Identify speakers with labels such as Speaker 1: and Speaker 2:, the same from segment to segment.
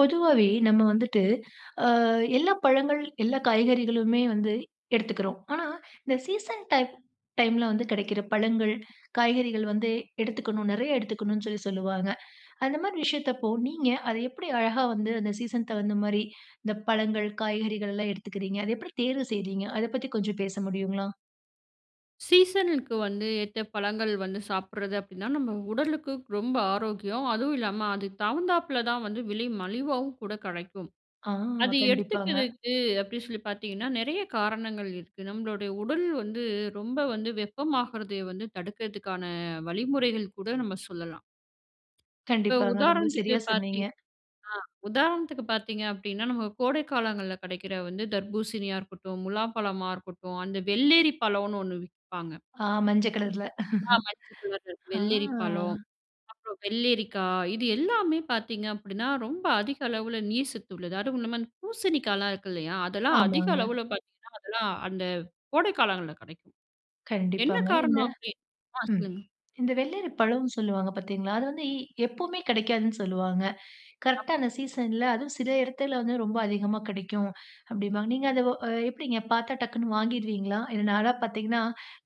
Speaker 1: பொதுவாவே நம்ம வந்துட்டு அ எல்லா பழங்கள், எல்லா காய்கறிகளுமே வந்து எடுத்துக்கிறோம். ஆனா இந்த சீசன் டைம் டைம்ல வந்து கிடைக்கிற பழங்கள், காய்கறிகள் வந்து எடுத்துக்கணும் நிறைய எடுத்துக்கணும்னு சொல்லி சொல்லுவாங்க. அந்த மாரி விஷயத்தப்போ நீங்க அத எப்படி அழகா வந்து அந்த சீசன் தகுந்தா மாரி, இந்த பழங்கள் காய்கறிகள்லாம் எடுத்துக்கிறீங்க? அத எப்படி தேர்வு செய்கிறீங்க? அத பற்றி கொஞ்சம் பேச முடியுங்களா?
Speaker 2: சீசனுக்கு வந்து ஏத்த பழங்கள் வந்து சாப்பிடுறது அப்படின்னா, நம்ம உடலுக்கு ரொம்ப ஆரோக்கியம். அதுவும் இல்லாம அது தகுந்தாப்பில தான் வந்து விலை மலிவாவும் கூட கிடைக்கும்.
Speaker 1: ஆ
Speaker 2: அது
Speaker 1: கண்டிப்பாங்க.
Speaker 2: எடுத்துக்கறதுக்கு அப்படி சொல்லி பார்த்தீங்கன்னா, நிறைய காரணங்கள் இருக்கு. நம்மளுடைய உடல் வந்து ரொம்ப வந்து வெப்பமாகறத வந்து தடுக்கிறதுக்கான வழிமுறைகள் கூட நம்ம சொல்லலாம். இப்ப
Speaker 1: கண்டிப்பாங்க. ரொம்ப
Speaker 2: உதாரணத்துக்கு
Speaker 1: சரியா சொன்னீங்க.
Speaker 2: பார்த்தீங் ஆ உதாரணத்துக்கு பார்த்தீங்க அப்படினா, நம்ம கோடைக் காலங்கள்ல கிடைக்கிற வந்து தர்பூசணியா இருக்கட்டும், முலாம் பழமா இருக்கட்டும், அந்த வெள்ளேரி பழம்னு ஒன்னு விப்பாங்க.
Speaker 1: ஆ மஞ்ச கலர்ல.
Speaker 2: ஆமா, மஞ்சள் கலர்
Speaker 1: ஆ.
Speaker 2: வெள்ளரி பழம், அப்புறம் வெள்ளரிக்கா, இது எல்லாமே பாத்தீங்க அப்படினா ரொம்ப அதிக அளவுல நீர் சத்து உள்ளது. அதுவுமில்லாம இந்த பூசணிக்கால்லாம் இருக்கில்லையா, அதெல்லாம் அதிக
Speaker 1: ஆமாங்க.
Speaker 2: அளவில பாத்தீங்கனா அதெல்லாம் அந்த கோடை காலங்கள்ல கிடைக்கும். என்ன
Speaker 1: கண்டிப்பாங்க. இந்த
Speaker 2: காரணம் அப்படின் ஆ
Speaker 1: ம்
Speaker 2: சொல்லுங்க.
Speaker 1: இந்த வெள்ளரி பழம்னு சொல்லுவாங்க பார்த்தீங்களா, அது வந்து எப்போவுமே கிடைக்காதுன்னு சொல்லுவாங்க. கரெக்ட்டா
Speaker 2: ஆமா.
Speaker 1: அந்த சீசன்ல அதுவும் சில இடத்துல வந்து ரொம்ப அதிகமா கிடைக்கும், அப்படிம்பாங்க. நீங்க அத எப்படிங்க பார்த்தா டக்குன்னு வாங்கிறுவீங்களா? இல்ல நான்லாம் பார்த்தீங்கனா,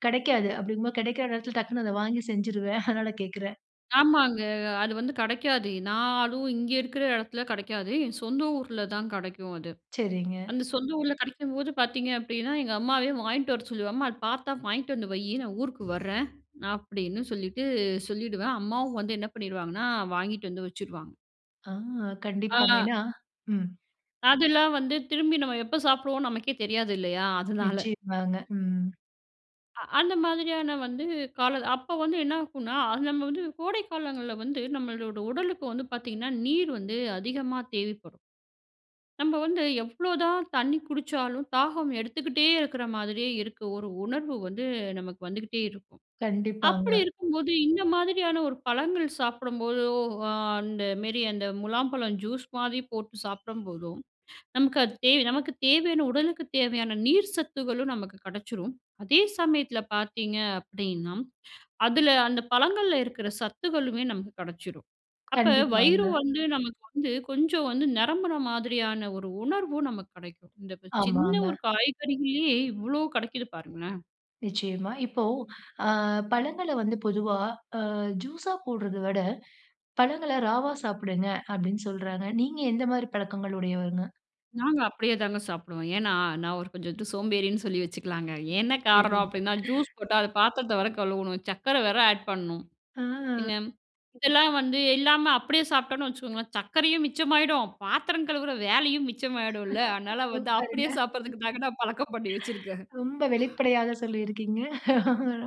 Speaker 1: கிடைக்காது அப்படிங்கும்போது கிடைக்கிற இடத்தில டக்குனு அத வாங்கி செஞ்சுருவேன். அதனால கேட்குறேன்.
Speaker 2: ஆமாங்க. அது வந்து கிடைக்காது. நான் அதுவும் இங்க இருக்குற இடத்துல கிடைக்காது. சொந்த ஊர்ல தான் கிடைக்கும் அது.
Speaker 1: சரிங்க.
Speaker 2: அந்த சொந்த ஊர்ல கிடைக்கும்போது பார்த்தீங்க அப்டின்னா. எங்க அம்மாவே வாங்கிட்டு வர சொல்லுவேன், "அம்மா அத பார்த்தா வாங்கிட்டு வந்து வையி நான் ஊருக்கு வரேன்" அப்படின்னு சொல்லிட்டு சொல்லிடுவேன். அம்மாவும் வந்து என்ன பண்ணிருவாங்கன்னா வாங்கிட்டு வந்து வச்சுடுவாங்க.
Speaker 1: ஆ. கண்டிப்பாங்க.
Speaker 2: ஆ.
Speaker 1: ஏன்னா ம்.
Speaker 2: அதெல்லாம் வந்து திரும்பி நம்ம எப்போ சாப்பிடுவோனு, நமக்கே தெரியாது இல்லையா. அதனால.
Speaker 1: நிச்சயமாங்க. ம்.
Speaker 2: அ அந்த மாதிரியான வந்து காலம். அப்போ வந்து என்னாக்குன்னா, நம்ம வந்து கோடை காலங்கள்ல வந்து நம்மளோட உடலுக்கு வந்து பார்த்தீங்கன்னா, நீர் வந்து அதிகமா தேவைப்படும். நம்ம வந்து எவ்ளோ தான் தண்ணி குடிச்சாலும், தாகம் எடுத்துக்கிட்டே இருக்கிற மாதிரியே இருக்கு. ஒரு உணர்வு வந்து நமக்கு வந்துகிட்டே இருக்கும். அப்படி
Speaker 1: கண்டிப்பாங்க.
Speaker 2: இருக்கும்போது இந்த மாதிரியான ஒரு பழங்கள் சாப்பிடும்போதோ, அ அந்த மாரி அந்த முலாம்பழம் ஜூஸ் மாதிரி போட்டு சாப்பிடும்போதோ, நமக்கு அது தேவ நமக்கு தேவையான, உடலுக்குத் தேவையான நீர் சத்துக்களும் நமக்கு கிடைச்சுரும். அதே சமயத்தில பார்த்தீங்க அப்படின்னா, அதுல அந்த பழங்கள்ல இருக்கிற சத்துக்களுமே நமக்கு கிடைச்சுரும். அப்ப வயிறு
Speaker 1: கண்டிப்பாங்க.
Speaker 2: வந்து நமக்கு வந்து கொஞ்சம் வந்து நிரம்புற மாதிரியான ஒரு உணர்வு நமக்கு கிடைக்கும். இந்த வ சின்ன ஒரு
Speaker 1: ஆமாங்க.
Speaker 2: காய்கறிகள்ளயே இவ்வளோ கிடைக்குது பாருங்களேன்.
Speaker 1: நிச்சயமா. இப்போ, அ பழங்கள வந்து பொதுவா அ ஜூஸா போடுறத விட, பழங்கள ராவா சாப்பிடுங்க, அப்படின்னு சொல்றாங்க. நீங்க எந்த மாரி பழக்கங்கள் உடையவங்க?
Speaker 2: நாங்க அப்படியே தாங்க சாப்பிடுவோம். ஏன்னா, நான் ஒரு கொஞ்சம் வந்து சோம்பேறின்னு சொல்லி வச்சுக்கலாங்க. என்ன காரணம்
Speaker 1: தெரியல.
Speaker 2: அப்டின்னா, ஜூஸ் போட்டா அது பாத்தரத்த வேற கழுவணும், சக்கர வேற ஆட் பண்ணணும். என்ன
Speaker 1: ஆ.
Speaker 2: ம் இதெல்லாம் வந்து இல்லாம அப்டியே சாப்டோம்ன்னு வச்சுக்கோங்களேன், சக்கரையும் மிச்சமாயிடும், பாத்திரம் கழுவுற வேலையும் மிச்சமாயிடும்ல. அதுனால வந்து
Speaker 1: சூப்பருங்க.
Speaker 2: அப்டியே சாப்பிடுறதுக்கு தாங்க, நான் பழக்கம் பண்ணி வச்சுருக்கேன்.
Speaker 1: ம். ரொம்ப வெளிப்படையாக சொல்லியிருக்கீங்க.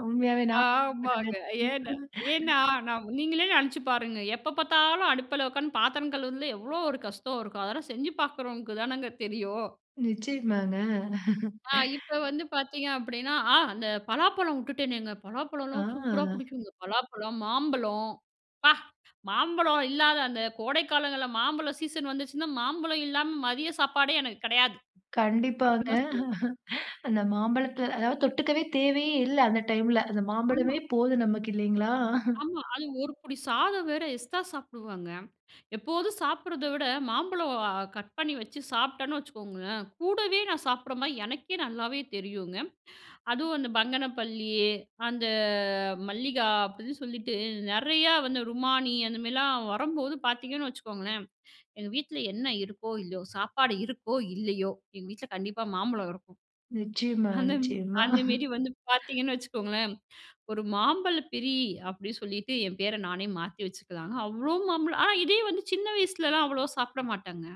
Speaker 1: உண்மையாவே நா
Speaker 2: ஆமாங்க. ஏன்
Speaker 1: [unintelligible]
Speaker 2: ஏன்னா நா நீங்களே நெனச்சு பாருங்க. எப்ப பாத்தாலும் அடுப்புல உக்காந்து பாத்தரம் கழுவுரதுல எவ்வளோ ஒரு கஷ்டம் இருக்கும். அதெல்லாம் செஞ்சு பாக்குறவங்களுக்கு தானங்க தெரியும்.
Speaker 1: நிச்சயமாங்க.
Speaker 2: ஆ, இப்ப வந்து பாத்தீங்க அப்படின்னா அ அந்த பலாப்பழம் உட்டுட்டேனேங்க பலாப்பழம்லாம் சூப்பரா
Speaker 1: ஆ.
Speaker 2: புடிக்குங்க. பலாப்பழம், மாம்பழம் ப்பா மாம்பழம் இல்லாத அந்த கோடைக்காலங்கள்ல மாம்பழம் சீசன் வந்துச்சுன்னா, மாம்பழம் இல்லாம மதிய சாப்பாடே எனக்கு கெடையாது,
Speaker 1: கண்டிப்பாங்க.
Speaker 2: அப்படின்னு தான் சொல்லணும்.
Speaker 1: அந்த மாம்பழத்த அதாவது தொட்டுக்கவே தேவையே இல்ல அந்த டைம்ல, அந்த
Speaker 2: ஆமா.
Speaker 1: மாம்பழமே போதும் நமக்கு இல்லி ங்களா?
Speaker 2: ஆமா. அது ஒரு புடி சாதம் வேற எஸ்ட்ரா சாப்பிடுவேங்க. எப்போதும் சாப்பிடுறத விட மாம்பழம் அ கட் பண்ணி வச்சு சாப்ட்டேன்னு வச்சுக்கோங்களேன். கூடவே நான் சாப்பிடுற மாரி எனக்கே நல்லாவே தெரியுங்க. அதுவும் அந்த பங்கனப்பள்ளி, அந்த அ மல்லிகா அப்டின்னு சொல்லிட்டு நெறையா வந்து ருமானி அந்த மாரிலாம் வரம்போது பாத்தீங்கன்னு வச்சுக்கோங்களேன், எங்க வீட்ல என்ன இருக்கோ, இல்லையோ. சாப்பாடு இருக்கோ, இல்லையோ எங்க வீட்ல கண்டிப்பா மாம்பழம் வரும்.
Speaker 1: நிச்சயமா,
Speaker 2: அந்தம்
Speaker 1: நிச்சயமா.
Speaker 2: அந்த மாரி வந்து பாத்தீங்கன்னு வச்சுக்கோங்களேன். ஒரு மாம்பழ பிரி அப்படி சொல்லிட்டு என் பேர நானே மாத்தி வச்சுக்கலா. அவ்ளோ மாம்பழம் ஆனா இதே வந்து சின்ன வயசுலலாம் அவ்வளோவா சாப்பிட மாட்டேங்க.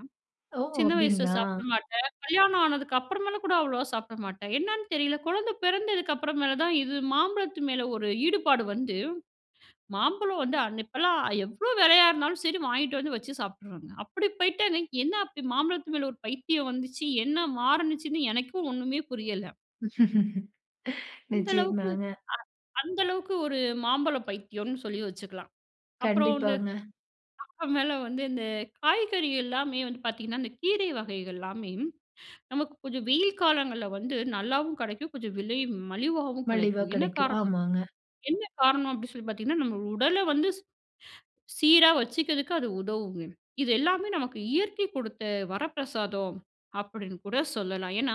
Speaker 1: ஓ!
Speaker 2: சின்ன வயசுல
Speaker 1: அப்பிடிங்களா.
Speaker 2: சாப்பிட மாட்டேன், கல்யாணம் ஆனதுக்கு அப்புறமாலே கூட அவ்வளோவா சாப்பிட மாட்டேன். என்னான்னு தெரியல கொழந்தை பிறந்ததுக்கு அப்புறமேல தான், இது மாம்பழத்து மேல ஒரு ஈடுபாடு வந்து, மாம்பழம் வந்து அன் இப்பலாம் எவ்வளோ வெலையா இருந்தாலும் சரி வாங்கிட்டு வந்து வச்சு சாப்பிடுறோங்க. அப்படி போயிட்டேங்க. என்ன அப்படி மாம்பழத்து மேல ஒரு பைத்தியம் வந்துச்சு, என்ன மாருணுச்சுன்னு எனக்கும் ஒண்ணுமே புரியல. அந்த அளவுக்கு
Speaker 1: நிச்சயந்தாங்க.
Speaker 2: அ அந்த அளவுக்கு ஒரு மாம்பழம் பைத்தியோனு சொல்லி வச்சுக்கலாம். அப்புறம் இந்த
Speaker 1: கண்டிப்பாங்க.
Speaker 2: அப்புறமேல வந்து இந்த காய்கறி எல்லாமே வந்து பாத்தீங்கன்னா, இந்த கீரை வகைகள்லாமே நமக்கு கொஞ்சம் வெயில் காலங்கள்ல வந்து நல்லாவும் கெடைக்கும், கொஞ்சம் விலையும் மலிவாவும்
Speaker 1: மலிவா
Speaker 2: கிடைக்கும். என்ன
Speaker 1: கெடைக்கும்.
Speaker 2: காரணம்
Speaker 1: ஆமாங்க.
Speaker 2: என்ன காரணம் அப்டி சொல்லி பாத்தீங்கன்னா, நம்ம உடல வந்து ஸ் சீரா வச்சுக்கிறதுக்கு அது உதவுங்க. இது எல்லாமே நமக்கு இயற்கை கொடுத்த வரப்பிரசாதம் அப்படின்னு கூட சொல்லலாம். ஏன்னா,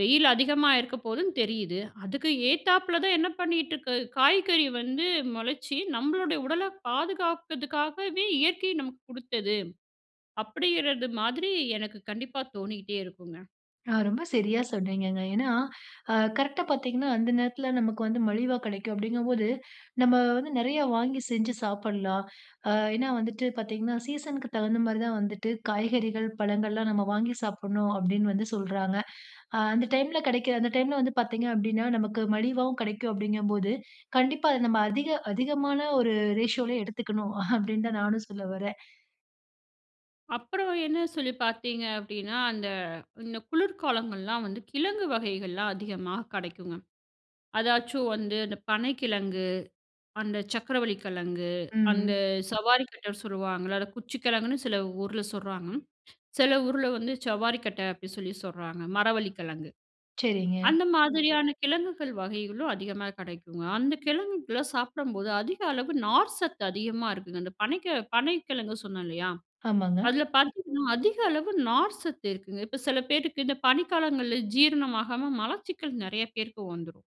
Speaker 2: வெயில் அதிகமா இருக்க போதுன்னு தெரியுது, அதுக்கு ஏத்தாப்பில தான் என்ன பண்ணிட்டு இருக்கு காய்கறி வந்து மொளச்சி, நம்மளோடைய உடலை பாதுகாக்குறதுக்காகவே இயற்கை நமக்கு குடுத்தது. அப்படிங்கிறது மாதிரி எனக்கு கண்டிப்பா தோணிக்கிட்டே இருக்குங்க.
Speaker 1: ஆ ரொம்ப சரியா சொன்னீங்கங்க. ஏன்னா, அ கரெக்ட்டா பார்த்தீங்கன்னா, அந்த நேரத்தில நமக்கு வந்து மலிவா கிடைக்கும் அப்பிடிங்கும்போது, நம்ம வந்து நெறையா வாங்கி செஞ்சு சாப்பிட்லாம். அ ஏன்னா, வந்துட்டு பார்த்தீங்கன்னா சீசனுக்கு தகுந்த மாதிரி தான் வந்துட்டு காய்கறிகள், பழங்கள்லாம் நம்ம வாங்கி சாப்புட்ணும் அப்பிடின்னு வந்து சொல்றாங்க. அ அந்த டைம்ல கிடைக்கிற, அந்த டைம்ல வந்து பார்த்தீங்க அப்பிடின்னா, நமக்கு மலிவாவும் கிடைக்கும் அப்பிடிங்கும்போது, கண்டிப்பா அது நம்ம அதிக, அதிகமான ஒரு ரேஷியோலே எடுத்துக்கணும் அப்பிடின்தான் நானும் சொல்ல வரேன்.
Speaker 2: அப்புறம் என்ன சொல்லி பார்த்தீங்க அப்பிடின்னா, அந்த இந்த குளிர்காலங்கள்லாம் வந்து கிழங்கு வகைகள்லாம் அதிகமா கிடைக்குங்க. அதாச்சும் வந்து அந்த பனை கிழங்கு, அந்த சர்க்கரவள்ளி கிழங்கு,
Speaker 1: ம்,
Speaker 2: அந்த
Speaker 1: ம்.
Speaker 2: சவாரிக்கட்டன்னு சொல்வாங்கல்ல, அத குச்சி கிழங்குன்னு சில ஊர்ல சொல்றாங்க. சில ஊர்ல வந்து, சவ்வாரிக்கட்ட அப்பிடி சொல்லி சொல்றாங்க மரவள்ளி கிழங்கு.
Speaker 1: சரிங்க.
Speaker 2: அந்த மாதிரியான கிழங்குகள் வகைகளும் அதிகமா கிடைக்குங்க. அந்த கிழங்குகள சாப்பிடும்போது, அதிக அளவு நார்சத்து அதிகமா இருக்குங்க. அந்த பனைக்க பனைக்கிழங்கு சொன்னேன் இல்லயா!
Speaker 1: ஆமாங்க.
Speaker 2: அதுல பார்த்தீங்கன்னா, அதிக அளவு நார்சத்து இருக்குங்க. இப்ப சில பேருக்கு இந்த பனிக்காலங்கள்ல ஜீரணமாகாம மலச்சிக்கல் நிறைய பேருக்கு வந்துரும்.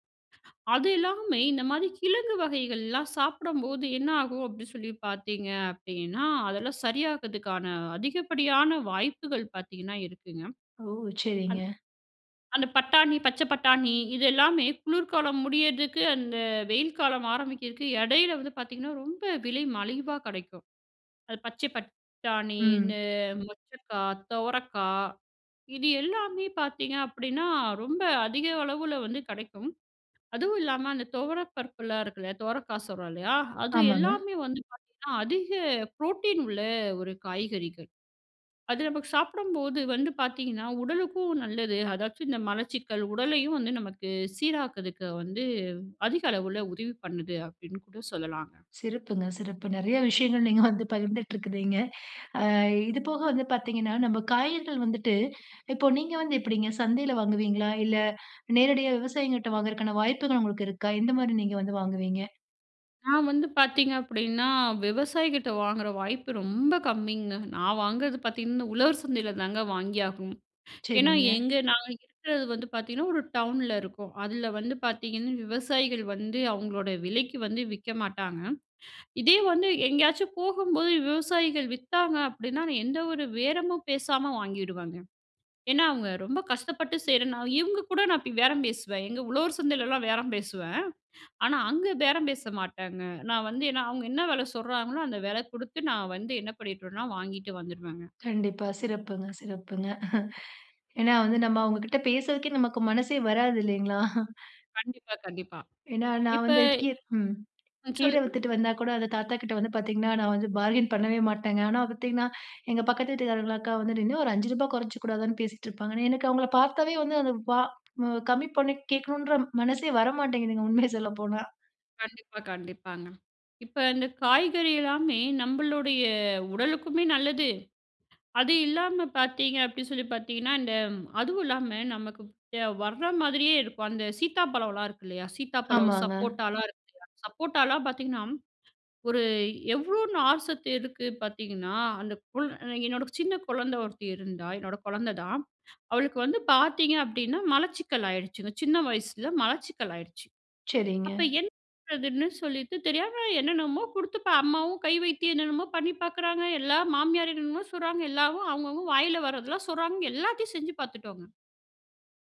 Speaker 2: அது இல்லாம, இந்த மாதிரி கிழங்கு வகைகள்லாம் சாப்பிடும்போது என்ன ஆகும் அப்பிடி சொல்லி பார்த்தீங்க அப்பிடின்னா, அதெல்லாம் சரியாகிதுக்கான அதிகப்படியான வாய்ப்புகள் பார்த்தீங்கன்னா இருக்குங்க.
Speaker 1: ஓ!
Speaker 2: அன்
Speaker 1: சரிங்க.
Speaker 2: அந்த பட்டாணி, பச்சை பட்டாணி, இது எல்லாமே குளிர்காலம் முடியிறதுக்கு அந்த வெயில் காலம் ஆரம்பிக்கிறதுக்கு இடையில வந்து பார்த்தீங்கன்னா, ரொம்ப விலை மலிவா கிடைக்கும். அது பச்சைப்பட்டாணி,
Speaker 1: ம்.
Speaker 2: இந்த மொச்சைக்கா, துவரைக்கா இது எல்லாமே பார்த்தீங்க அப்பிடின்னா, ரொம்ப அதிக அளவுல வந்து கிடைக்கும். அதுவும் இல்லாம அந்த துவரை பருப்புலாம் இருக்குல்ல, துவரைக்கா சொல்றோம் இல்லயா, அது
Speaker 1: ஆமாங்க.
Speaker 2: எல்லாமே வந்து பார்த்தீங்கன்னா, அதிக புரோட்டீன் உள்ள ஒரு காய்கறிகள். அது நமக்கு சாப்பிடும்போது வந்து பார்த்தீங்கன்னா, உடலுக்கும் நல்லது. அதாச்சும் இந்த மலச்சிக்கல் உடலையும் வந்து நமக்கு சீராக்குதுக்கு வந்து அதிக அளவுல உதவி பண்ணுது, அப்பிடின்னு கூட சொல்லலாங்க.
Speaker 1: சிறப்புங்க. சிறப்பு. நெறையா விஷயங்கள் நீங்க வந்து பகிர்ந்துட்டு இருக்குறீங்க. ஆ இதுபோக வந்து பார்த்தீங்கன்னா, நம்ம காய்கறிகள் வந்துட்டு இப்போ நீங்க வந்து எப்பிடிங்க சந்தையில வாங்குவீங்களா? இல்ல நேரடியா விவசாயிங்கக்கிட்ட வாங்குறக்கான வாய்ப்புகள் உங்களுக்கு இருக்கா? எந்த மாரி நீங்க வந்து வாங்குவீங்க?
Speaker 2: நான் வந்து பார்த்தீங்க அப்பிடின்னா, விவசாயிகிட்ட வாங்குற வாய்ப்பு ரொம்ப கம்மிங்க. நான் வாங்குறது பார்த்தீங்கன்னா, இந்த உழவர் சந்தையில தாங்க வாங்கி ஆகணும். ஏன்னா,
Speaker 1: சரிங்க.
Speaker 2: எங்க நாங்க இருக்கிறது வந்து பார்த்தீங்கன்னா ஒரு டவுன்ல இருக்கோம். அதில வந்து பார்த்தீங்கன்னா, விவசாயிகள் வந்து அவுங்களோட விலைக்கி வந்து விக்க மாட்டாங்க. இதே வந்து எங்கேயாச்சும் போகும்போது விவசாயிகள் வித்தாங்க அப்பிடின்னா, நான் எந்த ஒரு பேரமும் பேசாம வாங்கிடுவேங்க. ஏன்னா, அவுங்க ரொம்ப கஷ்டப்பட்டு செய்யிறனா இவுங்க கூட நான் இப்பிடி பேரம் பேசுவேன். எங்க உழவர் சந்தையிலலாம் பேரம் பேசுவேன். ஆனா, அங்க பேரம் பேச மாட்டங்க. நான் வந்து ஏன்னா அவுங்க என்ன விலை சொல்றாங்களோ, அந்த வில குடுத்து நான் வந்து என்ன பண்ணிட்டுவேன்னா வாங்கிட்டு வந்துருவேங்க.
Speaker 1: கண்டிப்பா. சிறப்புங்க சிறப்புங்க. ஏன்னா வந்து நம்ம அவுங்கக்கிட்ட பேசுறதுக்கே நமக்கு மனசே வராது இல்லேங்களா!
Speaker 2: கண்டிப்பா, கண்டிப்பா.
Speaker 1: ஏன்னா, நான்
Speaker 2: இப்ப
Speaker 1: வந்து கீர் ம்
Speaker 2: ம்.
Speaker 1: கீரை
Speaker 2: சொல்லுங்க.
Speaker 1: வித்துட்டு வந்தாகூட, அந்த தாத்தாக்கிட்ட வந்து பார்த்தீங்கன்னா, நான் வந்து பார்கெயின் பண்ணவே மாட்டங்க. ஆனா பார்த்தீங்கன்னா, எங்க பக்கத்து வீட்டுக்காரங்கல அக்கா வந்து இன்னா ஒரு ரு. 5 குறச்சிக்க கூடாதான்னு பேசிட்டு இருப்பாங்கன்னு. எனக்கு அவுங்கள பார்த்தாவே வந்து அந்த வா ம் கம்மி பண்ணி கேட்கணுன்ற மனசே வர மாட்டேங்குதுங்க. உண்மைய சொல்லப்போனா.
Speaker 2: கண்டிப்பா, கண்டிப்பாங்க. இப்ப இந்த காய்கறி எல்லாமே நம்மளுடைய உடலுக்குமே நல்லது. அது இல்லாம பார்த்தீங்க அப்பிடின்னு சொல்லி பார்த்தீங்கன்னா, இந்த அதுவும் இல்லாம நமக்கு [unintelligible] வர்ற மாதிரியே இருக்கும். அந்த சீத்தாப்பழம்லாம் இருக்கு இல்லயா! சீத்தாப்பழம்,
Speaker 1: ஆமாங்க.
Speaker 2: சப்போட்டாலாம் இருக்கு இல்லயா! சப்போட்டாலாம் பார்த்தீங்கன்னா, ஒரு எவ்ளோ நார்சத்து இருக்கு பார்த்தீங்கன்னா, அந்த கொள் என்னோட சின்ன குழந்த ஒருத்தி இருந்தா! என்னோட குழந்த தான். அவளுக்கு வந்து பார்த்தீங்க அப்பிடின்னா, மலச்சிக்கல் ஆயிடுச்சுங்க. சின்ன வயசில மலச்சிக்கல் ஆயிடுச்சு.
Speaker 1: சரிங்க.
Speaker 2: அப்ப என்ன பண்ணறதுன்னு சொல்லிட்டு, தெரியாம என்னென்னமோ குடுத்து இப்ப அம்மாவும் கை வைத்தியம் என்னென்னமோ பண்ணி பார்க்கிறாங்க. எல்லா மாமியார் என்னென்னமோ சொல்றாங்க. எல்லாவும் அவுங்கவுங்க வாயில வரதெல்லாம் சொல்றாங்க. எல்லாத்தையும் செஞ்சு பார்த்துட்டோங்க.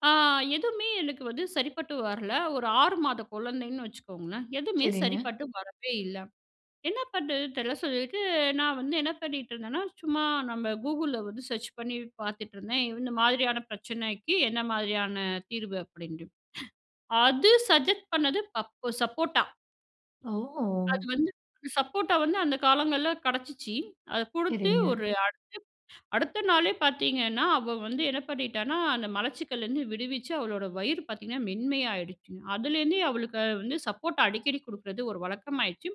Speaker 2: ஆ எதுமே எனக்கு வந்து சரிப்பட்டு வரல. ஒரு 6 மாத குழந்தைன்னு வச்சுக்கோங்களேன். எதுமே
Speaker 1: சரிங்க.
Speaker 2: சரிப்பட்டு வரவே இல்ல. என்ன பண்ணுறதுன் தெரில சொல்லிட்டு, நான் வந்து என்ன பண்ணிட்டுருந்தன்னா, சும்மா நம்ம கூகுள்ல வந்து சர்ச் பண்ணி பார்த்துட்ருந்தேன் இந்த மாதிரியான பிரச்சனைக்கி என்ன மாதிரியான தீர்வு அப்பிடின்ட்டு. அது சஜெஸ்ட் பண்ணது பப்பு சப்போட்டா. அது
Speaker 1: ஓ!
Speaker 2: வந்து, சப்போட்டா வந்து அந்த காலங்கள்ல கிடைச்சிச்சி. அத குடுத்து
Speaker 1: சரிங்க.
Speaker 2: ஒரு அடுத்து, அடுத்த நாளே பார்த்தீங்கன்னா, அவ வந்து என்ன பண்ணிட்டான்னா, அந்த மலச்சிக்கல்லருந்து விடுவிச்சி அவளோட வயிறு பார்த்தீங்கன்னா, மென்மையாயிடுச்சுங்க. அதுலேருந்தே அவளுக்கு அ வந்து சப்போட்டா அடிக்கடி குடுக்குறது ஒரு வழக்கமாயிடுச்சு.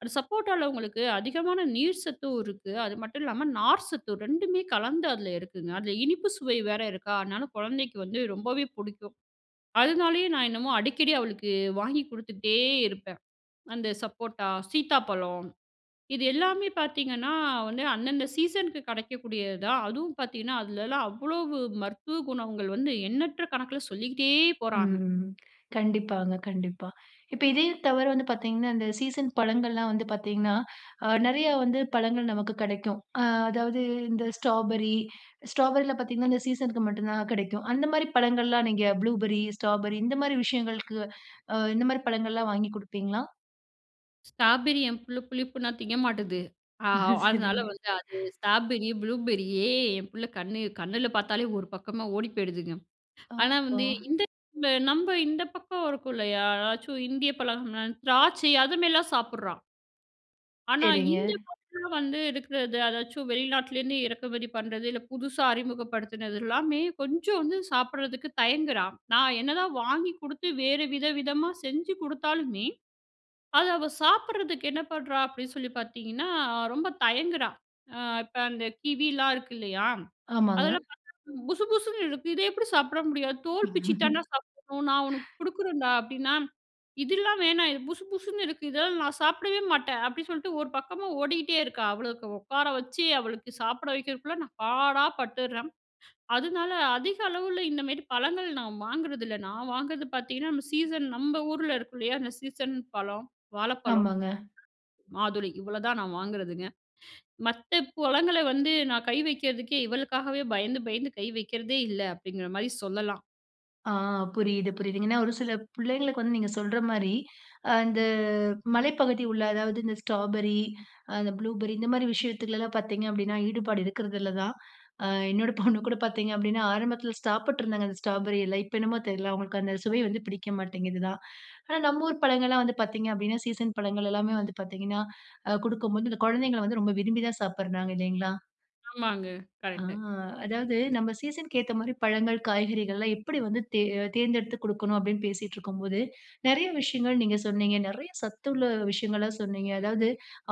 Speaker 2: அந்த சப்போட்டால உங்களுக்கு அதிகமான நீர் சத்தும் இருக்கு. அது மட்டும் இல்லாம நார்சத்தும் 2மே கலந்து அதில இருக்குங்க. அதில இனிப்பு சுவை வேற இருக்கா, அதனால குழந்தைக்கு வந்து ரொம்பவே புடிக்கும். அதனாலேயே நான் என்னமோ அடிக்கடி அவளுக்கு வாங்கி குடுத்துட்டே இருப்பேன். அந்த சப்போட்டா, சீத்தாப்பழம், இது எல்லாமே பார்த்தீங்கன்னா, வந்து அந்தந்த சீசனுக்கு கிடைக்கக்கூடியது தான். அதுவும் பார்த்தீங்கன்னா, அதுலெல்லாம் அவ்வளவு மருத்துவ குணங்கள் வந்து, எண்ணற்ற கணக்கில சொல்லிக்கிட்டே போறாங்க.
Speaker 1: ம். கண்டிப்பாங்க, கண்டிப்பா. இப்ப இதே தவிர வந்து பார்த்தீங்கன்னா, இந்த சீசன் பழங்கள்லாம் வந்து பார்த்தீங்கன்னா, அ நெறையா வந்து பழங்கள் நமக்கு கிடைக்கும். அ அதாவது இந்த ஸ்ட்ராபெர்ரி ஸ்ட்ராபெரில பார்த்தீங்கன்னா, இந்த சீசனுக்கு மட்டும் தான் கிடைக்கும். அந்தமாரி பழங்கள்லாம் நீங்க ப்ளூபெர்ரி, ஸ்ட்ராபெர்ரி இந்தமாரி விஷயங்களுக்கு அ இந்தமாரி பழங்கள்லாம் வாங்கி குடுப்பீங்களா?
Speaker 2: ஸ்ட்ராபெர்ரி, என் புள்ள புளிப்புனா திங்க மாட்டேங்குது. அ அதனால
Speaker 1: சரிங்க.
Speaker 2: வந்து அது ஸ்ட்ராபெர்ரி, ப்ளூபெர்ரியி என் பிள்ள கண்ணு கண்ணுல பார்த்தாலே ஒரு பக்கமா ஓடி போயிடுதுங்க.
Speaker 1: ஒ,
Speaker 2: ஆனா வந்து
Speaker 1: ஓ!
Speaker 2: இந்த [unintelligible] நம்ப இந்த பக்கம் இருக்கும் இல்லையா? எதாச்சும் இந்திய பழம்னா திராட்சை அது மாரிலாம் சாப்பிடுறான். ஆனா
Speaker 1: சரிங்க.
Speaker 2: இந்த பக்கம் வந்து இருக்கிற எதா எதாச்சும், வெளிநாட்டிலேருந்து இறக்குமதி பண்ணுறது. இல்ல புதுசா அறிமுகப்படுத்துனது எல்லாமே கொஞ்சம் வந்து சாப்பிடுறதுக்கு தயங்குறா. நான் என்ன தான் வாங்கி குடுத்து வேறு வித விதமா செஞ்சு குடுத்தாலுமே, அது அவ சாப்பிடுறதுக்கு என்ன பண்றா? அப்படின்னு சொல்லி பார்த்தீங்கன்னா, ரொம்ப தயங்குறா. அ இப்ப அந்த கிவிலாம் இருக்கு இல்லையா?
Speaker 1: ஆமாங்க.
Speaker 2: அதெல்லாம் பார்த்தா, "புசு புசுன்னு இருக்கு. இத எப்படி சாப்பிட முடியாது". "தோல் பிச்சு தான்டா சாப்பிடணும். நான் உனக்கு குடுக்குறேன்டா." அப்படின்னா, "இதெல்லாம் வேணாம். இது புசு புசுன்னு இருக்கு. இதெல்லாம் நான் சாப்பிடவே மாட்டேன்". அப்படி சொல்லிட்டு ஒரு பக்கமா ஓடிட்டே இருக்கா. அவ்வளவுக்கு உட்கார வச்சு, அவளுக்கு சாப்பிட வைக்கிறதுக்குள்ள நான் பாடா பட்டுர்றேன். அதனால அதிக அளவில இந்தமாரி பழங்கள் நான் வாங்குறதில்ல. நான் வாங்குறது பார்த்தீங்கன்னா, நம்ம சீசன் நம்ப ஊர்ல இருக்கும் இல்லையா? அந்த சீசன் பழம் வாழப்பழம்,
Speaker 1: ஆமாங்க.
Speaker 2: மாதுளை. இவ்வளவு தான் நான் வாங்குறதுங்க. "மத்த பழங்கள வந்து, நான் கை வக்கிறதுக்கே இவளுக்காகவே பயந்து, பயந்து கை வைக்கிறதே இல்ல." அப்படிங்கிற மாரி சொல்லலாம்.
Speaker 1: ஆ புரியுது, புரியுது. ஏன்னா ஒரு சில பிள்ளைங்களுக்கு வந்து நீங்க சொல்ற மாரி, அந்த மலைப்பகுதி உள்ள அதாவது, இந்த ஸ்ட்ராபெர்ரி, அந்த ப்ளூபெர்ரி இந்த மாரி விஷயத்துலலாம் பார்த்தீங்க அப்படினா, ஈடுபாடு இருக்கிறதுல்லதான். அ என்னோட பொண்ணு கூட பார்த்தீங்க அப்படின்னா, ஆரம்பத்தில சாப்பிட்ருந்தாங்க அந்த ஸ்ட்ராபெர்ரியெல்லாம். இப்ப என்னமோ தெரில, அவங்களுக்கு அந்த சுவை வந்து பிடிக்க மாட்டேங்குது தான். ஆனா நம்ம ஊர் பழங்கள்லாம் வந்து பார்த்தீங்க அப்படின்னா, சீசன் பழங்கள் எல்லாமே வந்து பார்த்தீங்கன்னா, அ குடுக்கும்போது இந்த கொழந்தைங்கள் வந்து ரொம்ப விரும்பிதான் சாப்பிடுறாங்க. இல்லைங்களா?
Speaker 2: ஆமாங்க
Speaker 1: அ
Speaker 2: கரெக்ட்டு.
Speaker 1: "அதாவது, நம்ம சீசனுக்கு ஏத்த மாரி பழங்கள் காய்கறிகள்லாம் எப்படி வந்து தேர் அ தேர்ந்தெடுத்து குடுக்கணும்." அப்படின்னு பேசிட்டு இருக்கும்போது, நெறைய விஷயங்கள் நீங்க சொன்னீங்க. நெறைய சத்துள்ள விஷயங்களா சொன்னீங்க. அதாவது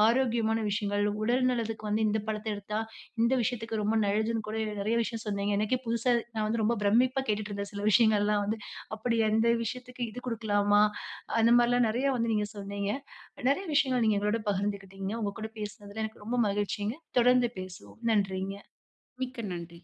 Speaker 1: ஆரோக்கியமான விஷயங்கள், உடல் நலத்துக்கு வந்து இந்த பழத்த எடுத்தா, இந்த விஷயத்துக்கு ரொம்ப நல்லதுன்னு கூட நெறைய விஷயம் சொன்னீங்க. எனக்கே புதுசா நான் வந்து ரொம்ப பிரமிப்பா கேட்டுட்ருந்தேன், சில விஷயங்கள்லாம் வந்து. அப்படி அந்த விஷயத்துக்கு இது குடுக்கலாமா, அந்த மாரிலாம் நெறையா வந்து நீங்க சொன்னீங்க. நெறைய விஷயங்கள் நீங்க எங்களோடு பகிர்ந்துக்கிட்டீங்க. உங்க கூட பேசினதில எனக்கு ரொம்ப மகிழ்ச்சிங்க. தொடர்ந்து பேசுவோம். நன்றிங்க.
Speaker 2: மிக்க நன்றி.